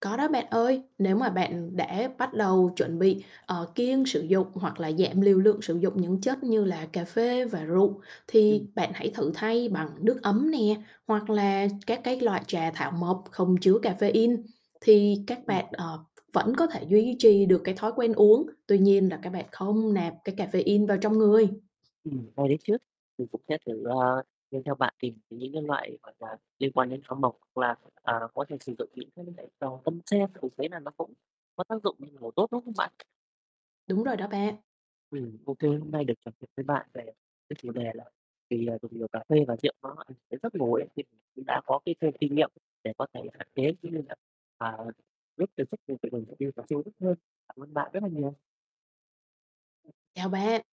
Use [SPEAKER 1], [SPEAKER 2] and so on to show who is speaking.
[SPEAKER 1] Có đó bạn ơi. Nếu mà bạn đã bắt đầu chuẩn bị, ờ, kiêng sử dụng hoặc là giảm liều lượng sử dụng những chất như là cà phê và rượu,
[SPEAKER 2] Ừm.
[SPEAKER 1] thì bạn hãy thử thay bằng nước ấm nè, hoặc là các cái loại trà thảo mộc không chứa cafeine, thì các
[SPEAKER 2] Ừm.
[SPEAKER 1] bạn, ờ, v vẫn có thể duy trì được cái thói quen uống, tuy nhiên là các bạn không nạp cái cafeine vào trong người.
[SPEAKER 2] Ừm, hay đấy chứ, mình cũng sẽ thử, ờ, nghe theo bạn tìm những cái loại, gọi là, liên quan đến thảo mộc hoặc là, à, có thể sử dụng những [unintelligible] tâm sen mình thấy là nó cũng có tác dụng [unintelligible] ngủ tốt, đúng không bạn?
[SPEAKER 1] Đúng rồi đó bạn.
[SPEAKER 2] Ừm, OK, hôm nay được trò chuyện với bạn về cái chủ đề là vì, à, dùng nhiều cà phê và rượu nó ảnh hưởng đến giấc ngủ ấy, thì cũng đã có cái thêm kinh nghiệm để có thể hạn chế cũng như là, à, giúp cho giấc ngủ của mình [unintelligible] hơn. Cảm ơn bạn rất là nhiều.
[SPEAKER 1] Chào bạn.